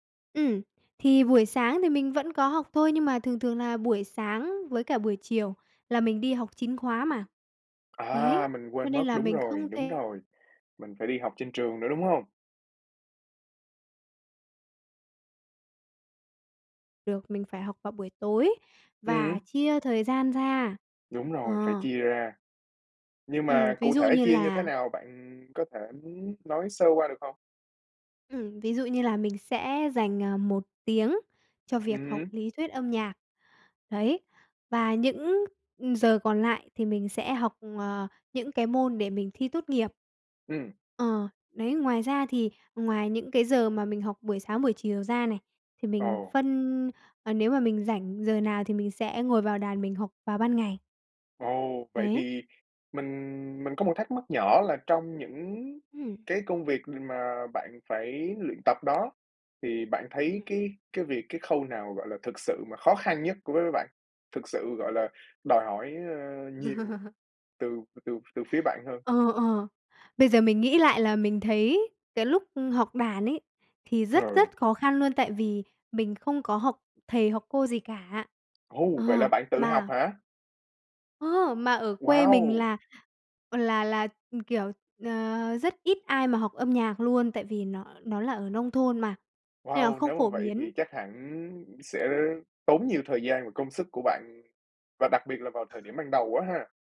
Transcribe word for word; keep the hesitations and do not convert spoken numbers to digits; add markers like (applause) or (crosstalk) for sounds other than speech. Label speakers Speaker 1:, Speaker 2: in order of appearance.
Speaker 1: Ừm, thì buổi sáng thì mình vẫn có học thôi, nhưng mà thường thường là buổi sáng với cả buổi chiều là mình đi học chính khóa mà.
Speaker 2: À,
Speaker 1: Đấy,
Speaker 2: mình
Speaker 1: cho
Speaker 2: quên
Speaker 1: nên
Speaker 2: mất,
Speaker 1: là
Speaker 2: đúng
Speaker 1: mình
Speaker 2: rồi,
Speaker 1: không
Speaker 2: đúng
Speaker 1: thể
Speaker 2: rồi, mình phải đi học trên trường nữa, đúng hông?
Speaker 1: Được, mình phải học vào buổi tối và
Speaker 2: Ừm.
Speaker 1: chia thời gian ra.
Speaker 2: Đúng rồi, phải
Speaker 1: Ờ.
Speaker 2: chia ra. Nhưng
Speaker 1: Ừm,
Speaker 2: mà
Speaker 1: ví
Speaker 2: cụ
Speaker 1: dụ
Speaker 2: thể
Speaker 1: như
Speaker 2: chia như thế
Speaker 1: là
Speaker 2: nào, bạn có thể nói sơ qua được hông?
Speaker 1: Ừm, ví dụ như là mình sẽ dành, à, một tiếng cho
Speaker 2: Ừm
Speaker 1: việc học
Speaker 2: hứm.
Speaker 1: lý thuyết âm nhạc, đấy, và những, ừ, giờ còn lại thì mình sẽ học, ờ, những cái môn để mình thi tốt nghiệp.
Speaker 2: Ừm.
Speaker 1: Ờ, đấy, ngoài ra thì ngoài những cái giờ mà mình học buổi sáng, buổi chiều ra này, thì mình
Speaker 2: Ồ.
Speaker 1: phân ờ, nếu mà mình rảnh giờ nào thì mình sẽ ngồi vào đàn mình học vào ban ngày.
Speaker 2: Ồ, vậy
Speaker 1: Đấy.
Speaker 2: thì mình mình có một thắc mắc nhỏ là trong những
Speaker 1: Ừm.
Speaker 2: cái công việc, ừm, mà bạn phải luyện tập đó thì bạn thấy
Speaker 1: Ừm.
Speaker 2: cái cái việc cái khâu nào, gọi là, thực sự mà khó khăn nhất đối với bạn, thực sự, gọi là, đòi hỏi, a, nhiều
Speaker 1: (laughs)
Speaker 2: từ từ từ phía bạn hơn?
Speaker 1: Ờ, ờ, bây giờ mình nghĩ lại là mình thấy cái lúc học đàn ấy, thì rất,
Speaker 2: Ờ.
Speaker 1: rất khó khăn luôn tại vì mình không có học thầy hoặc cô gì cả.
Speaker 2: Ồ, vậy là
Speaker 1: Ờ,
Speaker 2: bạn tự học
Speaker 1: mà
Speaker 2: hả?
Speaker 1: Ơ, mà ở quê mình
Speaker 2: Wow!
Speaker 1: là là là, kiểu, ờ, rất ít ai mà học âm nhạc luôn, tại vì nó nó là ở nông thôn mà, nên là
Speaker 2: Wow,
Speaker 1: không
Speaker 2: nếu mà
Speaker 1: phổ
Speaker 2: vậy
Speaker 1: biến.
Speaker 2: thì chắc hẳn sẽ tốn nhiều thời gian và công sức của bạn, và đặc biệt là vào thời điểm ban đầu á ha?